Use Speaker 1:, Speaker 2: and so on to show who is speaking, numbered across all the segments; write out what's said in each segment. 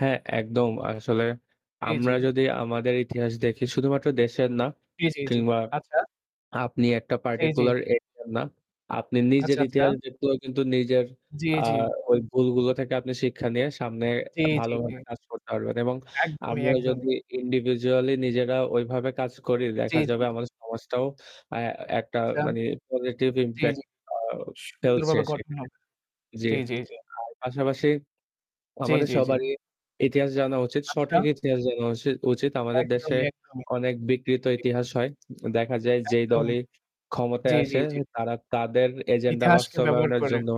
Speaker 1: হ্যাঁ, একদম। আসলে
Speaker 2: জি, জি।
Speaker 1: আমরা যদি আমাদের ইতিহাস দেখি শুধুমাত্র দেশের না
Speaker 2: জি, জি, জি।
Speaker 1: কিংবা
Speaker 2: আচ্ছা।
Speaker 1: আপনি একটা
Speaker 2: জি, জি।
Speaker 1: particular area না, আপনি নিজের
Speaker 2: আচ্ছা, আচ্ছা।
Speaker 1: ইতিহাস দেখলেও কিন্তু নিজের
Speaker 2: জি,
Speaker 1: আ
Speaker 2: জি।
Speaker 1: ওই ভুলগুলো থেকে আপনি শিক্ষা নিয়ে সামনে
Speaker 2: জি, জি, জি।
Speaker 1: ভালোভাবে কাজ করতে পারবেন এবং
Speaker 2: একদমই,
Speaker 1: আমরা
Speaker 2: একদমই।
Speaker 1: যদি individually নিজেরা ওইভাবে কাজ করি,
Speaker 2: জি,
Speaker 1: দেখা
Speaker 2: জি,
Speaker 1: যাবে
Speaker 2: জি।
Speaker 1: আমাদের সমাজটাও অ্যা একটা
Speaker 2: আচ্ছা।
Speaker 1: মানে positive
Speaker 2: আচ্ছা। জি,
Speaker 1: impact
Speaker 2: জি।
Speaker 1: আউ ফেলছে
Speaker 2: সুন্দরভাবে গঠন
Speaker 1: সেখানে।
Speaker 2: হবে।
Speaker 1: জি।
Speaker 2: জি, জি, জি।
Speaker 1: আর পাশাপাশি
Speaker 2: জি,
Speaker 1: আমাদের
Speaker 2: জি, জি।
Speaker 1: সবারই ইতিহাস জানা উচিত।
Speaker 2: আচ্ছা।
Speaker 1: সঠিক ইতিহাস জানা উসিত উচিত। আমাদের দেশে
Speaker 2: একদমই, একদমই।
Speaker 1: অনেক
Speaker 2: জি,
Speaker 1: বিকৃত
Speaker 2: জি।
Speaker 1: ইতিহাস হয়। দেখা যায় যেই
Speaker 2: একদমই
Speaker 1: দলই
Speaker 2: জি,
Speaker 1: ক্ষমতায়
Speaker 2: জি,
Speaker 1: আসে
Speaker 2: জি।
Speaker 1: তারা তাদের agenda
Speaker 2: ইতিহাসকে ব্যবহার
Speaker 1: বাস্তবায়নের
Speaker 2: করে।
Speaker 1: জন্য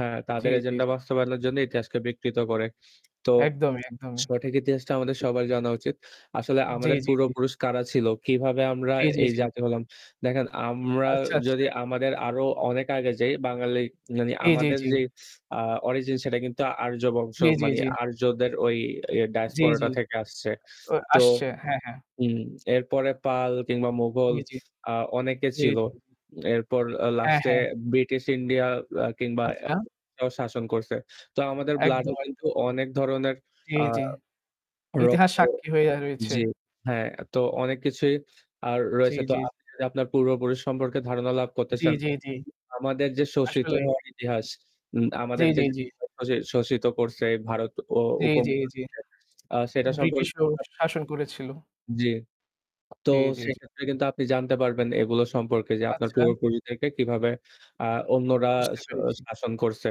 Speaker 1: হ্যাঁ,
Speaker 2: জি,
Speaker 1: তাদের
Speaker 2: জি।
Speaker 1: agenda বাস্তবায়নের জন্য ইতিহাসকে বিকৃত করে। তো
Speaker 2: একদমই, একদমই।
Speaker 1: সঠিক ইতিহাসটা আমাদের সবার জানা উচিত। আসলে
Speaker 2: জি,
Speaker 1: আমাদের
Speaker 2: জি, জি।
Speaker 1: পূর্বপুরুষ কারা ছিল? কিভাবে আমরা
Speaker 2: জি, জি,
Speaker 1: এই
Speaker 2: জি।
Speaker 1: জাতি হলাম? দেখেন আমরা
Speaker 2: আচ্ছা, আচ্ছা।
Speaker 1: যদি আমাদের আরও অনেক আগে যাই বাঙালি মানে
Speaker 2: জি, জি,
Speaker 1: আমাদের
Speaker 2: জি।
Speaker 1: যেই আ origin সেটা কিন্তু আর্য বংশ,
Speaker 2: জি, জি,
Speaker 1: মানে
Speaker 2: জি।
Speaker 1: আর্যদের ওই, ই
Speaker 2: জি, জি।
Speaker 1: diaspora থেকে আসছে।
Speaker 2: ও
Speaker 1: তো
Speaker 2: আসছে হ্যাঁ, হ্যাঁ।
Speaker 1: উম এরপরে পাল কিংবা মোগল
Speaker 2: মি জি,
Speaker 1: আ অনেকে
Speaker 2: জি,
Speaker 1: ছিল।
Speaker 2: জি, জি।
Speaker 1: এরপর আ
Speaker 2: হ্যাঁ,
Speaker 1: last-এ
Speaker 2: হ্যাঁ, হ্যাঁ।
Speaker 1: British India অ্যা কিংবা
Speaker 2: আচ্ছা।
Speaker 1: অ্যা শাসন করছে। তো আমাদের blood-এ
Speaker 2: একদম, একদম।
Speaker 1: কিন্তু অনেক ধরনের
Speaker 2: জি,
Speaker 1: আ
Speaker 2: জি। ইতিহাস
Speaker 1: রক্ত
Speaker 2: সাক্ষী হয়ে রয়েছে।
Speaker 1: জি, হ্যাঁ, তো অনেক কিছুই আর
Speaker 2: চি
Speaker 1: রয়েছে। তো
Speaker 2: জি।
Speaker 1: আপনি যদি আপনার পূর্বপুরুষ সম্পর্কে ধারণা লাভ করতে
Speaker 2: জি,
Speaker 1: চান,
Speaker 2: জি, জি।
Speaker 1: আমাদের যে শোষিত
Speaker 2: আসলেই।
Speaker 1: হওয়ার ইতিহাস উম
Speaker 2: জি,
Speaker 1: আমাদেরকে
Speaker 2: জি,
Speaker 1: যে
Speaker 2: জি।
Speaker 1: [unintelligible] শোষিত করছে ভারত ও
Speaker 2: জি, জি, জি।
Speaker 1: উপমহাদেশে আ সেটা
Speaker 2: British
Speaker 1: সম্পর্কে
Speaker 2: ও
Speaker 1: তো
Speaker 2: শাসন করেছিল।
Speaker 1: জি, তো
Speaker 2: জি, জি, জি।
Speaker 1: সেক্ষেত্রে কিন্তু আপনি জানতে পারবেন এগুলো সম্পর্কে যে আপনার
Speaker 2: আচ্ছা।
Speaker 1: পূর্বপুরুষদেরকে কিভাবে আ অন্যরা
Speaker 2: বুঝতে
Speaker 1: শ
Speaker 2: পেরেছি।
Speaker 1: শাসন করছে।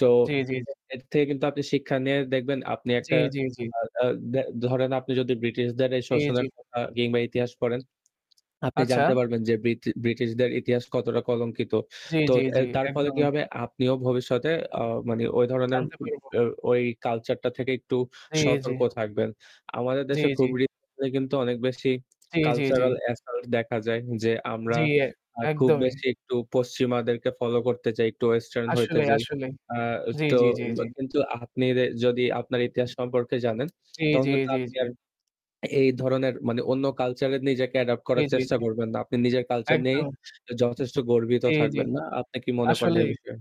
Speaker 1: তো
Speaker 2: জি, জি, জি।
Speaker 1: এর থেকে কিন্তু আপনি শিক্ষা নিয়ে দেখবেন আপনি
Speaker 2: জি,
Speaker 1: একটা
Speaker 2: জি, জি।
Speaker 1: আ আ দা ধরেন, আপনি যদি ব্রিটিশদের এই
Speaker 2: জি, জি।
Speaker 1: শোষণের কথা কিংবা ইতিহাস পড়েন, আপনি জানতে
Speaker 2: আচ্ছা।
Speaker 1: পারবেন যে ব্রিটি ব্রিটিশদের ইতিহাস কতটা কলঙ্কিত।
Speaker 2: জি,
Speaker 1: তো
Speaker 2: জি,
Speaker 1: অ্যা
Speaker 2: জি।
Speaker 1: তার ফলে কি
Speaker 2: একদমই।
Speaker 1: হবে? আপনিও ভবিষ্যতে অ মানে ওই ধরনের
Speaker 2: জানতে
Speaker 1: উম
Speaker 2: পারবো।
Speaker 1: অ্যা ওই culture-টা থেকে একটু
Speaker 2: জি, জি।
Speaker 1: সতর্ক থাকবেন। আমাদের
Speaker 2: জি,
Speaker 1: দেশে
Speaker 2: জি।
Speaker 1: খুব recent-এ কিন্তু অনেক বেশি
Speaker 2: জি, জি, জি।
Speaker 1: cultural assault দেখা যায়। যে আমরা
Speaker 2: জি। এ
Speaker 1: আ খুব
Speaker 2: একদমই।
Speaker 1: বেশি একটু পশ্চিমাদেরকে follow করতে চাই, একটু western হইতে
Speaker 2: আসলে,
Speaker 1: যাই।
Speaker 2: আসলে।
Speaker 1: আ
Speaker 2: জি,
Speaker 1: তো
Speaker 2: জি, জি,
Speaker 1: উয়া
Speaker 2: জি।
Speaker 1: কিন্তু আপনি দে যদি আপনার ইতিহাস সম্পর্কে জানেন
Speaker 2: জি,
Speaker 1: তখন
Speaker 2: জি,
Speaker 1: কিন্তু
Speaker 2: জি,
Speaker 1: আপনি
Speaker 2: জি।
Speaker 1: আর এই ধরনের মানে অন্য culture-এ নিজেকে adapt
Speaker 2: জি,
Speaker 1: করার
Speaker 2: জি,
Speaker 1: চেষ্টা
Speaker 2: জি।
Speaker 1: করবেন না। আপনি নিজের culture নিয়েই
Speaker 2: একদম।
Speaker 1: যথেষ্ট গর্বিত
Speaker 2: জি, জি।
Speaker 1: থাকবেন। না, আপনি কি মনে করেন এই
Speaker 2: আসলেই।
Speaker 1: বিষয়ে?